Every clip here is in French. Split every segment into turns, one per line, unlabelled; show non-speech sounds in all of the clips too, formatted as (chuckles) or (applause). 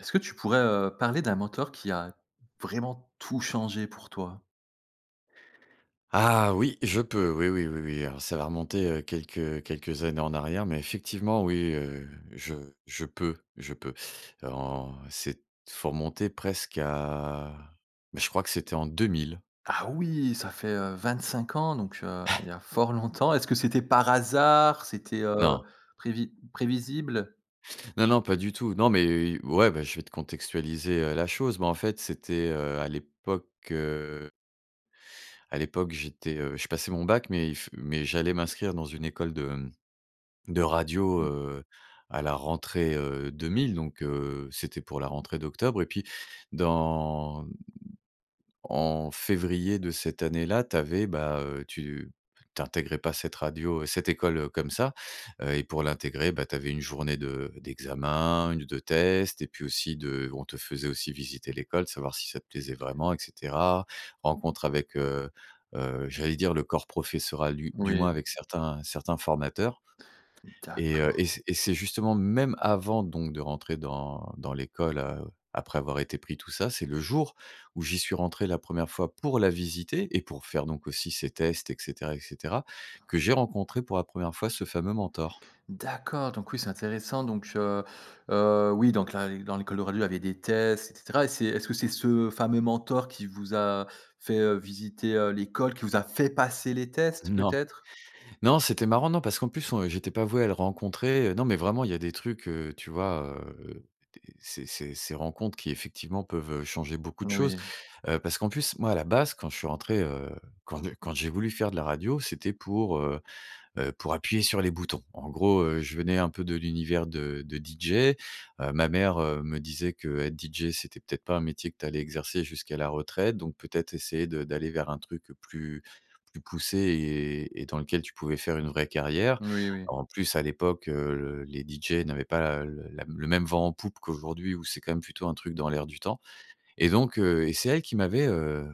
Est-ce que tu pourrais, heu, parler d'un mentor qui a vraiment tout changé pour toi?
Ah oui, je peux, oui, oui, oui, oui. Alors ça va remonter, heu, quelques, heu, quelques années en arrière, mais effectivement, oui, heu, je je peux je peux. Alors, c'est t faut remonter presque à mais je crois que c'était en 2 000.
Ah oui, ça fait, heu, 25 ans, donc heu, il
(chuckles)
y a fort longtemps. Est-ce que c'était par hasard? C'était, heu,
Non.
prévi prévisible?
Non, non, pas du tout. Non, mais heu, i ouais, bah, je vais te contextualiser, heu, la chose, mais en fait, c'était, heu, à l'époque, heu à l'époque, j'étais, heu, je passais mon bac, mais il f mais j'allais m'inscrire dans une école de, hem, de radio,
Mmh.
heu, à la rentrée, heu, 2 000, donc heu, c'était pour la rentrée d'octobre, et puis, dans en février de cette année-là, tu avais, bah, heu, tu tu intégrais pas cette radio, heu, cette école, heu, comme ça et heu, pour l'intégrer, bah, tu avais 1 journée de d'examen, 1 de tests et puis aussi de on te faisait aussi visiter l'école, savoir si ça te plaisait vraiment et cetera. Rencontre avec, heu heu, j'allais dire le corps professoral, du du
Oui.
moins avec certains certains formateurs et heu,
D'accord.
et c'est et c'est justement même avant donc de rentrer dans dans l'école, heu, après avoir été pris tout ça, c'est le jour où j'y suis rentré la 1re fois pour la visiter et pour faire donc aussi ces tests et cetera et cetera que j'ai rencontré, pour la 1re fois, ce fameux mentor.
D'accord donc oui, c'est intéressant donc heu heu, oui, donc là, et dans l'école de radio, il y avait des tests et cetera, et c'est est-ce que c'est ce fameux mentor qui vous a fait, heu, visiter, heu, l'école, qui vous a fait passer les tests,
Non,
peut-être?
non, c'était marrant, non parce qu'en plus, on heu, j'étais pas voué à le rencontrer, heu, non, mais vraiment, il y a des trucs, heu, tu vois, heu heu, des ces ces ces rencontres qui, effectivement, peuvent, heu, changer beaucoup de choses.
Moui.
Heu, parce qu'en plus, moi, à la base, quand je suis rentré, heu, quand j'ai quand j'ai voulu faire de la radio, c'était pour, heu heu, pour appuyer sur les boutons. En gros, heu, je venais un peu de l'univers de de DJ. Heu, ma mère, heu, me disait qu'être DJ, c'était, peut-être pas, un métier que tu allais exercer jusqu'à la retraite, donc peut-être essayer de d'aller vers un truc, heu, plus plus poussé et et dans lequel tu pouvais faire une vraie carrière.
Oui, oui.
En plus, à l'époque, heu, les DJ n'avaient pas, heu, le la le même vent en poupe qu'aujourd'hui ou c'est quand même plutôt un truc dans l'air du temps et donc heu, et c'est elle qui m'avait, heu,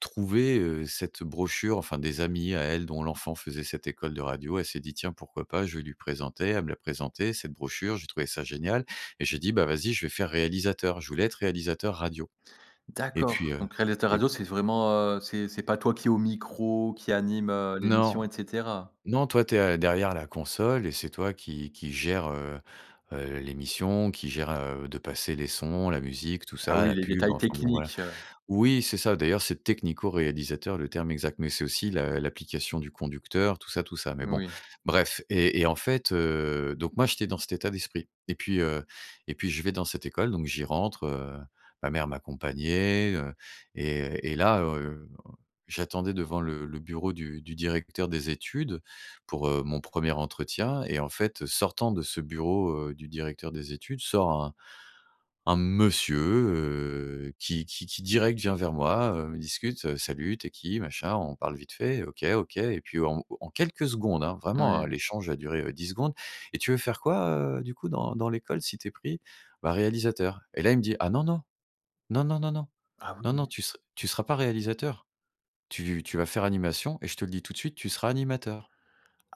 trouvé, heu, cette brochure, enfin des amis à elle dont l'enfant faisait cette école de radio. Elle s'est dit: «Tiens, pourquoi pas, je vais lui présenter», elle me l'a présenté cette brochure, j'ai trouvé ça génial et j'ai dit: «Bah, vas-y, je vais faire réalisateur», je voulais être réalisateur radio et puis,
D'accord
heu,
donc réalisateur
et
radio, c'est vraiment, heu, c'est c'est pas toi qui est au micro, qui anime, heu, l'émission
Non,
et cetera?
non, toi, tu es, heu, derrière la console et c'est toi qui qui gère, heu heu, l'émission, qui gère, heu, de passer les sons, la musique, tout
Ah
ça,
oui,
la
les
pub.
détails
Enfin bon voilà,
techniques, heu
oui, c'est ça, d'ailleurs, c'est technico-réalisateur, le terme exact, mais c'est aussi la l'application du conducteur tout ça tout ça, mais bon,
Moui.
bref et et en fait, heu, donc moi, j'étais dans cet état d'esprit et puis, heu, et puis je vais dans cette école, donc j'y rentre, heu, ma mère m'accompagnait, heu, et et là, heu, un j'attendais devant le le bureau du du directeur des études, pour, heu, mon 1er entretien et en fait, heu, sortant de ce bureau, heu, du directeur des études, sort un un monsieur, heu, qui qui qui direct vient vers moi, heu, on discute, heu: «Salut, tu es qui? Machin», on parle vite fait: «OK OK» et puis, en au au en quelques secondes, hein, vraiment, heu,
Oui.
l'échange a duré, heu, 10 secondes: «Et tu veux faire quoi, heu, du coup dans dans l'école, si tu es pris?» «Bah, réalisateur» et là, il me dit: «Ah non, non, non, non, non, non,
Ah
non, non,
oui!
tu se tu seras pas réalisateur. Tu tu vas faire animation et je te le dis tout de suite, tu seras animateur».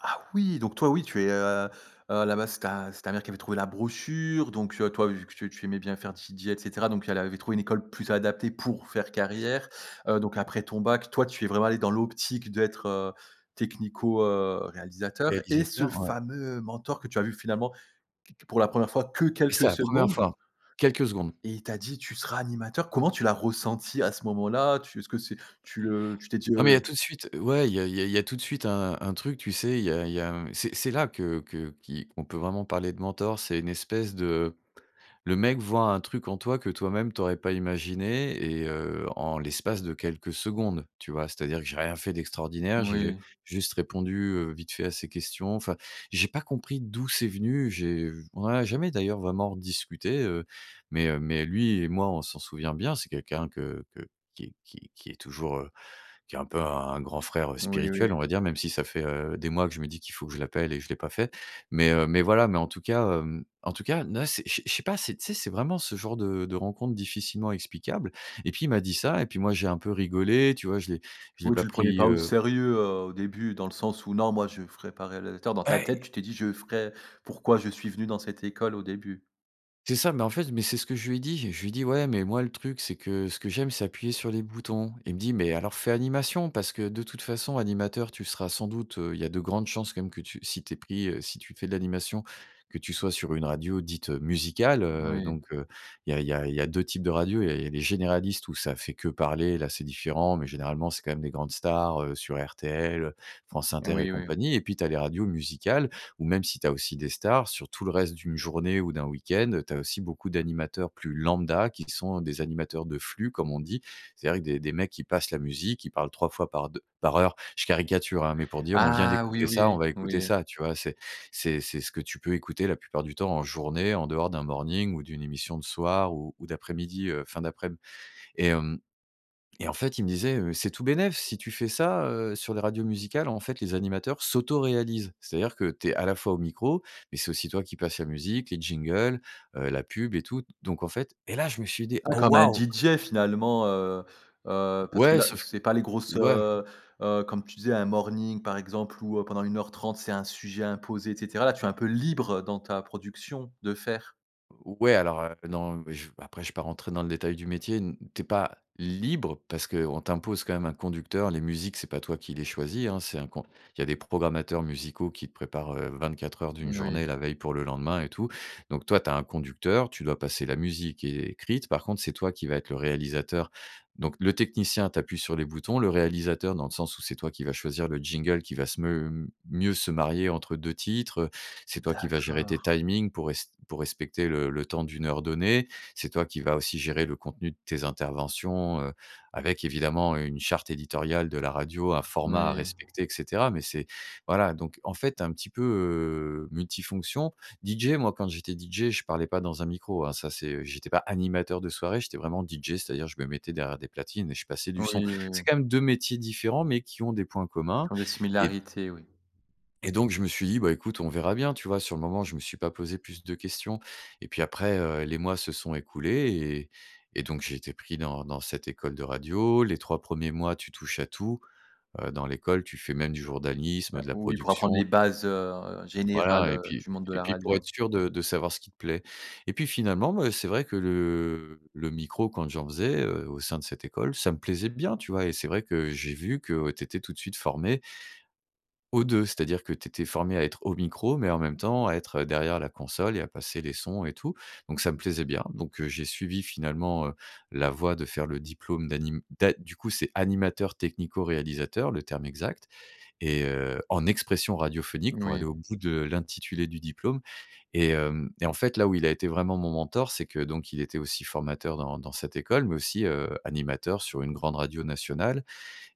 Ah oui, donc toi, oui, tu es, heu heu, à la base, c'est ta c'est ta mère qui avait trouvé la brochure donc heu, toi, vu que tu tu aimais bien faire DJ et cetera donc elle avait trouvé une école plus adaptée pour faire carrière. Heu, donc après ton bac, toi, tu es vraiment allé dans l'optique d'être, heu, technico, heu, réalisateur et ce
Réalisateur, ouais.
fameux, heu, mentor que tu as vu finalement, q q pour la 1re fois que
C'était
quelques
la 1re fois,
secondes
quelques secondes.
et il t'a dit: «Tu seras animateur». Comment tu l'as ressenti, à ce moment-là, tu est-ce que c'est tu, heu, tu t'es dit,
Ah, mais il y a tout
heu
de suite, ouais, il y a il y a il y a tout de suite un un truc, tu sais, il y a il y a, hem, c'est c'est là que que qui qu'on peut vraiment parler de mentor. C'est une espèce de le mec voit un truc en toi que toi même t'aurais pas imaginé et heu, en l'espace de quelques secondes, tu vois? C'est-à-dire que j'ai rien fait d'extraordinaire. J'ai, heu,
Moui.
juste répondu, heu, vite fait à ces questions. Enfin, j'ai pas compris d'où c'est venu. J'ai on en a jamais d'ailleurs vraiment rediscuté, heu, mais heu, mais lui et moi, on s'en souvient bien. C'est quelqu'un que que qui qui qui est toujours, heu, qui est un peu un grand frère, heu,
Oui,
spirituel, on
oui.
va dire, même si ça fait, heu, des mois que je me dis qu'il faut que je l'appelle et je l'ai pas fait mais heu, mais voilà, mais en tout cas, hem, en tout cas, là c'est je sais je sais je sais pas c'est, tu sais, c'est vraiment ce genre de de rencontre difficilement explicable et puis, il m'a dit ça, et puis moi, j'ai un peu rigolé, tu vois, je l'ai je l'ai
Oui,
pas
tu le prenais
pris,
pas au
heu
sérieux, heu, au début dans le sens, où: «Non, moi je ferai pas réalisateur», dans ta
Ouais,
tête
et
tu t'es dit: «Je ferai, pourquoi je suis venu dans cette école au début».
C'est ça, mais en fait, mais c'est ce que je lui ai dit. Je je lui dis: «Ouais, mais moi, le truc, c'est que ce que j'aime, c'est appuyer sur les boutons». Il me dit: «Mais alors fait animation parce que, de toutes façons, animateur, tu seras sans doute, heu, il y a de grandes chances, quand même, que tu si tu es pris, heu, si tu fais de l'animation, que tu sois sur une radio dite, heu, musicale», heu,
Oui.
donc heu, il y a il y a il y a 2 types de radio. Il y a les les généralistes où ça fait que parler. Là, c'est différent, mais généralement, c'est quand même des grandes stars, heu, sur RTL, heu, France Inter et
Oui, oui.
compagnie et puis, tu as les radios musicales ou même si tu as aussi des stars, sur tout le reste d'une journée ou d'un week-end, heu, tu as aussi beaucoup d'animateurs plus lambda qui sont, heu, des animateurs de flux, comme on dit. C'est-à-dire des des mecs qui passent la musique, ils parlent 3 fois par d par heure. Je caricature, hein, mais pour dire: «On vient
Ah oui,
d'écouter ça, on
oui,
va écouter
oui.
ça». Tu vois, c'est c'est c'est ce que tu peux écouter la plupart du temps en journée, en dehors d'un morning ou d'une émission de soir ou ou d'après-midi, heu, fin d'aprèm et hem, et en fait, il me disait, heu: «C'est tout bénef si tu fais ça, heu, sur les radios musicales, en fait, les animateurs s'autoréalisent. C'est-à-dire que tu es, à la fois au micro, mais c'est aussi toi qui passe la musique, les jingles, heu, la pub et tout» donc en fait, et là, je me suis dit:
Ah,
«Oh
comme un
waouh!»
DJ finalement, heu heu, parce que
Ouais,
là
sauf que
c'est pas les grosses,
ouais
heu heu, comme tu disais, un morning par exemple, où, heu, pendant 1 heure 30, c'est un sujet imposé et cetera. Là, tu es un peu libre dans ta production de faire.
Ou ouais alors, heu, non, mais je ve après je vais pas rentrer dans le détail du métier, n tu es pas libre parce qu'on t'impose quand même un conducteur. Les musiques, c'est pas toi qui les choisis, hein, c'est un con il y a des programmateurs musicaux qui te préparent, heu, 24 heures d'une
Oui.
journée la veille pour le lendemain et tout, donc toi, tu as un conducteur, tu dois passer la musique qui est écrite, par contre, c'est toi qui va être le réalisateur, donc le technicien, tu appuies sur les boutons, le réalisateur, dans le sens où c'est toi qui vas choisir le jingle qui va se m mieux se marier entre 2 titres, heu, c'est toi qui vas gérer
D'accord!
tes timings pour res pour respecter le le temps d'une heure donnée. C'est toi qui vas aussi gérer le contenu de tes interventions, heu, avec évidemment, heu, une charte éditoriale de la radio, un format à
Oui.
respecter et cetera mais c'est voilà, donc en fait, tu es un petit peu, heu, multifonctions. DJ, moi, quand j'étais DJ, je parlais pas dans un micro, hein, ça c'est, heu, j'étais pas animateur de soirée, j'étais vraiment DJ, c'est-à-dire je me mettais derrière des platines et je passais du son.
Oui, oui, oui.
C'est quand même 2 métiers différents, mais qui ont des points communs
Qui ont des
et d
similarités? Oui.
et donc, je me suis dit: «Bah, écoute, on verra bien». Tu vois sur le moment, je me suis pas posé plus de questions et puis après, heu, les mois se sont écoulés et et donc, j'ai été pris dans dans cette école de radio. Les 3 premiers mois, tu touches à tout, heu, dans l'école, tu fais même du journalisme,
Heu,
de la
oui, pour apprendre
production.
les
Tu
bases, heu, générales,
Voilà et
heu,
puis
du monde de
et
la
puis pour être
radio?
sûr de de savoir ce qui te plaît et puis, finalement, bah, c'est vrai que le le micro quand j'en faisais, heu, au sein de cette école, ça me plaisait bien, tu vois et c'est vrai que j'ai vu que tu étais tout de suite formé aux 2, c'est-à-dire que tu étais formé à être au micro mais en même temps à être, heu, derrière la console et à passer les sons et tout donc, ça me plaisait bien, donc heu, j'ai suivi, finalement, heu, la voie de faire le diplôme d'anim d'a du coup, c'est animateur technico-réalisateur, le terme exact et heu, en expression radiophonique pour aller
Oui.
au bout de l'intitulé du diplôme et hem et en fait, là, où il a été vraiment mon mentor, c'est que donc il était aussi formateur dans dans cette école mais aussi, heu, animateur sur une grande radio nationale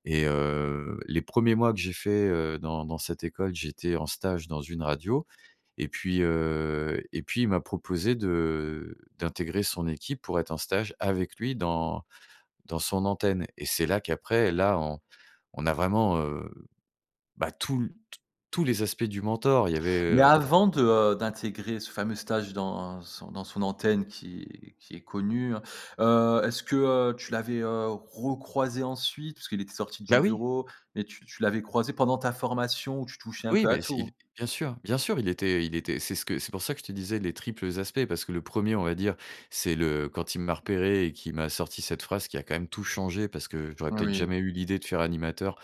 et heu, les 1ers mois que j'ai fait, heu, dans dans cette école, j'étais en stage dans une radio et puis, heu et puis il m'a proposé de d'intégrer son équipe pour être en stage avec lui dans dans son antenne et c'est là qu'après, là, on on a vraiment, heu, bah, tous l t tous les aspects du mentor. Il y avait,
Mais
heu
avant de, heu, d'intégrer ce fameux stage dans son dans son antenne qui qui est connue, hein, heu, est-ce que, heu, tu l'avais, heu, recroisé ensuite puisqu'il était sorti
Bah,
du
oui!
bureau et tu tu l'avais croisé pendant ta formation où tu touchais un
Oui,
peu à
mais si
tout?
bien sûr, bien sûr, il était il était, c'est ce que c'est pour ça que je te disais les triples aspects, parce que le 1er, on va dire, c'est le quand il m'a repéré et qu'il m'a sorti cette phrase qui a quand même tout changé parce que j'aurais peut-être
Oui.
jamais eu l'idée de faire animateur,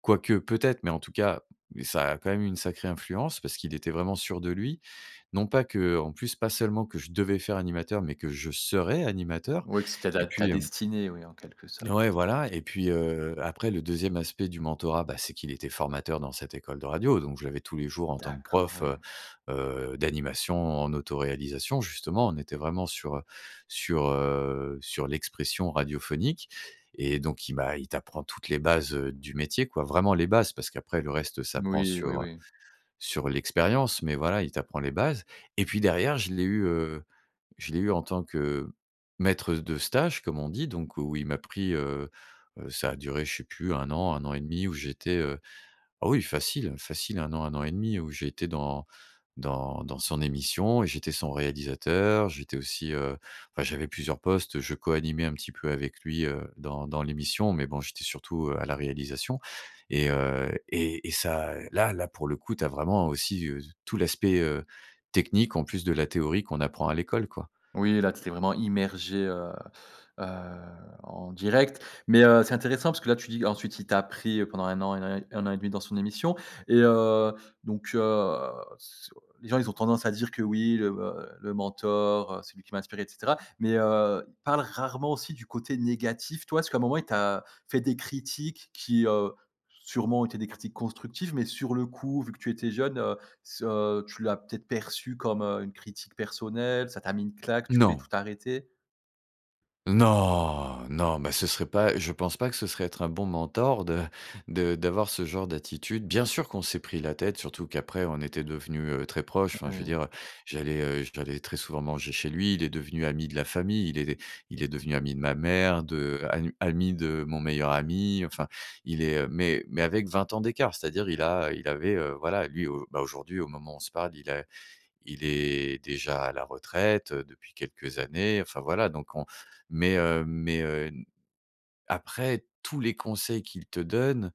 quoique, peut-être, mais en tout cas, ça a quand même eu une sacrée influence parce qu'il était vraiment sûr de lui, non pas que en plus, pas seulement que je devais faire animateur mais que je serais animateur
Oui, que c'était
et
ta ta
puis, hem
destinée, oui, en quelque sorte?
ouais, voilà et puis, heu, après, le 2e aspect du mentorat, bah, c'est qu'il était formateur dans cette école de radio donc, je l'avais tous les jours en tant que
D'accord.
prof,
Oui.
heu heu, d'animation en autoréalisation, justement, on était vraiment sur, heu sur, heu, sur l'expression radiophonique et donc il m'a il t'apprend toutes les bases, heu, du métier, quoi, vraiment les bases parce qu'après le reste s'apprend
Oui, oui,
sur, heu,
oui.
sur l'expérience mais, voilà, il t'apprend les bases et puis derrière, je l'ai eu, heu, je l'ai eu en tant que maître de stage, comme on dit, donc où il m'a pris, heu heu, ça a duré, je sais plus 1 an, 1 an et 1/2 où j'étais, heu, ah oui, facile, facile, 1 an, 1 an et 1/2 où j'ai été dans dans dans son émission et j'étais son réalisateur. J'étais aussi, heu, enfin, j'avais plusieurs postes. Je coanimais un petit peu avec lui, heu, dans dans l'émission mais bon, j'étais surtout, heu, à la réalisation et heu et et ça, heu, là là, pour le coup, tu as vraiment aussi, heu, tout l'aspect, heu, technique, en plus de la théorie qu'on apprend à l'école, quoi.
Oui, là, tu t'étais vraiment immergé, heu heu, en direct mais heu, c'est intéressant parce que, là, tu dis ensuite, il t'a pris, heu, pendant 1 an et né 1 an et 1/2 dans son émission et heu, donc heu, sur les gens, ils ont tendance à dire que, oui, heu heu, le mentor, c'est lui qui m'a inspiré et cetera mais heu, ils parlent rarement aussi du côté négatif. Toi, est-ce qu'à un moment, il t'a fait des critiques qui, heu, sûrement, ont été des critiques constructives mais sur le coup vu que tu étais jeune, heu, ce heu, tu l'as peut-être perçu comme, heu, une critique personnelle, ça t'a mis une claque, tu voulais tout
Non!
arrêter?
Non! Non, bah, ce serait pas je pense pas que ce serait être un bon mentor de de d'avoir ce genre d'attitude. Bien sûr, qu'on s'est pris la tête, surtout qu'après, on était devenu, heu, très proches,
Oui,
enfin, je veux
oui.
dire, j'allais, heu, j'allais très souvent manger chez lui. Il est devenu ami de la famille, il est il est devenu ami de ma mère, de anu ami de mon meilleur ami, enfin, il est, heu, mais mais avec 20 ans d'écart, c'est-à-dire il a, il avait, heu, voilà, lui, au bah, aujourd'hui, au moment où on se parle, il a il est déjà à la retraite, heu, depuis quelques années, enfin, voilà, donc on mais heu, mais heu, n après tous les conseils qu'il te donne,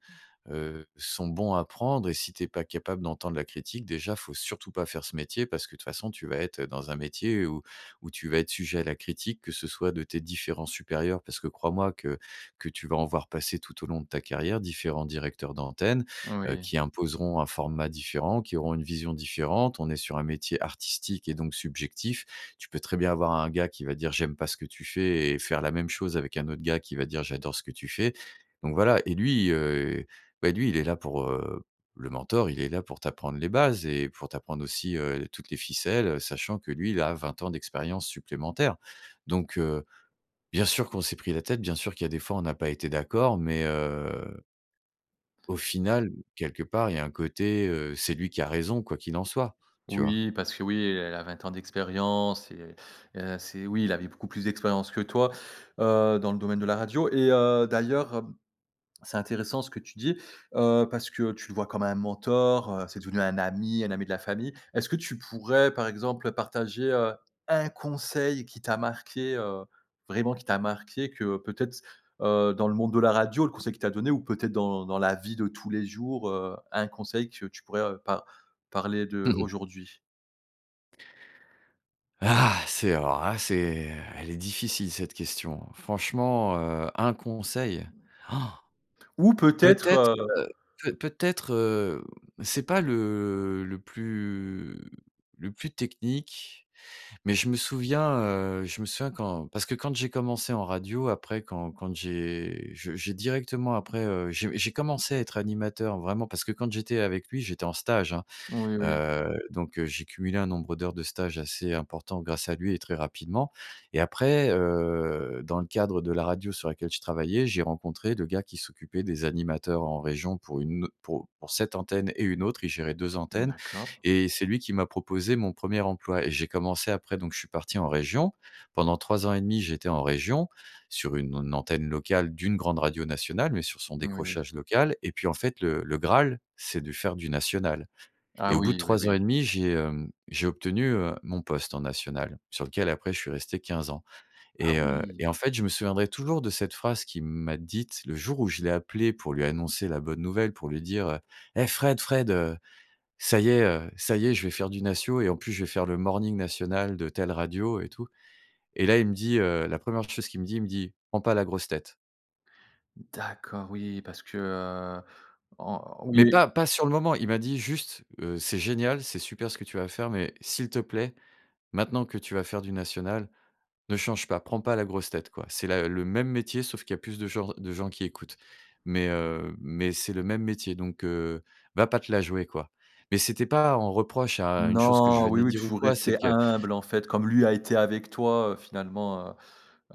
heu, sont bons à prendre et si tu es pas capable d'entendre la critique, déjà, il faut surtout pas faire ce métier parce que de toute façon, tu vas être, heu, dans un métier où où tu vas être sujet à la critique, que ce soit de tes différents supérieurs, parce que crois-moi que que tu vas en voir passer tout au long de ta carrière, différents directeurs d'antenne, heu,
Oui.
qui imposeront un format différent, qui auront une vision différente. On est sur un métier artistique et donc subjectif, tu peux très bien avoir un gars qui va dire: «J'aime pas ce que tu fais» et faire la même chose avec un autre gars qui va dire: «J'adore ce que tu fais» donc, voilà et lui, heu, bah, lui, il est là pour, heu, le mentor, il est là pour t'apprendre les bases et pour t'apprendre aussi, heu, toutes les ficelles, heu, sachant que lui, il a 20 ans d'expérience supplémentaire, donc heu, bien sûr qu'on s'est pris la tête, bien sûr qu'il y a des fois, on a pas été d'accord, mais heu au final, quelque part, il y a un côté, heu, c'est lui qui a raison, quoi qu'il en soit, tu vois?
Oui, parce que, oui, elle a 20 ans d'expérience et et c'est oui, il avait beaucoup plus d'expérience que toi, heu, dans le domaine de la radio et heu, d'ailleurs, hem, c'est intéressant ce que tu dis, heu, parce que tu le vois comme un mentor, heu, c'est devenu un ami, un ami de la famille. Est-ce que tu pourrais, par exemple, heu, partager, heu, 1 conseil qui t'a marqué, heu, vraiment qui t'a marqué que peut-être c heu, dans le monde de la radio, le conseil qu'il t'a donné ou peut-être dans dans la vie de tous les jours, heu, un conseil que tu pourrais, heu, par parler de
Mmh mh.
aujourd'hui?
Ah! C'est alors là, c'est elle est difficile cette question, franchement, heu, un conseil?
Ou
(gasps)
peut-être,
Peut-être,
heu
heu, peut peut-être, hem, c'est pas le le plus le plus technique mais je me souviens, heu, je me souviens quand parce que quand j'ai commencé en radio après, quand quand j'ai je j'ai directement après, heu, j'ai j'ai commencé à être animateur, vraiment, parce que quand j'étais avec lui, j'étais en stage, hein,
Oui, oui.
heu, donc heu, j'ai cumulé un nombre d'heures de stage assez important grâce à lui et très rapidement et après, heu, dans le cadre de la radio sur laquelle je travaillais, j'ai rencontré le gars qui s'occupait des animateurs en région, pour une au pour pour cette antenne et une autre, il gérait 2 antennes
D'accord.
et c'est lui qui m'a proposé mon 1er emploi et j'ai commencé après, donc je suis parti en région pendant 3 ans et 1/2, j'étais en région sur une an antenne locale d'une grande radio nationale mais sur son
Oui.
décrochage local et puis, en fait, le le graal, c'est de faire du national et
Ah
au bout de
oui. Oui,
3 ans et
oui.
1/2, j'ai, hem, j'ai obtenu, heu, mon poste en national sur lequel après, je suis resté 15 ans
Ah
et heu
oui!
et en fait, je me souviendrai toujours de cette phrase qu'il m'a dite le jour où je l'ai appelé pour lui annoncer la bonne nouvelle, pour lui dire, heu: «Hé! Fred, Fred, heu, ça y est, heu, ça y est, je vais faire du national et en plus, je vais faire le Morning national de telle radio» et tout et là, il me dit, heu, la 1re chose qu'il me dit, il me dit: «Prend pas la grosse tête!»
D'accord! Oui. Parce que, heu, en
Mais pas
(unintelligible)
pas sur le moment. Il m'a dit juste, heu: «C'est génial, c'est super ce que tu vas faire, mais s'il te plaît, maintenant que tu vas faire du national, ne change pas, prends pas la grosse tête, quoi! C'est la le même métier, sauf qu'il y a plus de genr de gens qui écoutent mais heu, mais c'est le même métier, donc, heu, va pas te la jouer, quoi!» Mais c'était pas un reproche à une chose que je
Non, oui,
venais
oui,
dire ou
toujours
quoi, c'est
rester
que
humble, en fait, comme lui a été avec toi, heu, finalement, heu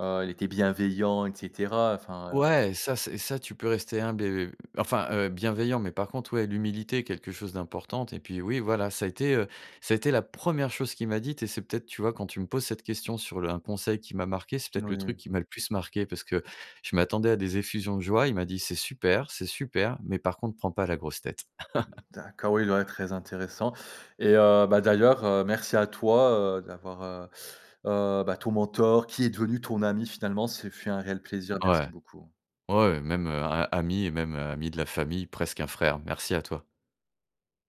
heu, il était bienveillant et cetera, heu, enfin, heu
Ouais, ça, c'est et ça, tu peux rester humble, et, heu, enfin, heu, bienveillant mais par contre, ouais, l'humilité est quelque chose d'importante et puis, oui, voilà, ça a été, heu, ça a été la 1re chose qu'il m'a dite et c'est peut-être, tu vois, quand tu me poses cette question sur le un conseil qui m'a marqué, c'est
N
peut-être le truc
ouais.
qui m'a le plus marqué parce que je m'attendais à des effusions de joie, il m'a dit: «C'est super, c'est super, mais par contre prends pas la grosse tête!» (laughs)
D'accord. Oui, il doit très intéressant et heu, bah, d'ailleurs, heu, merci à toi, heu, d'avoir, heu heu, bah, ton mentor, qui est devenu ton ami, finalement, ce fut un réel plaisir. Merci
Ouais,
beaucoup.
ouais, même, heu, a ami et même, heu, ami de la famille, presque un frère, merci à toi.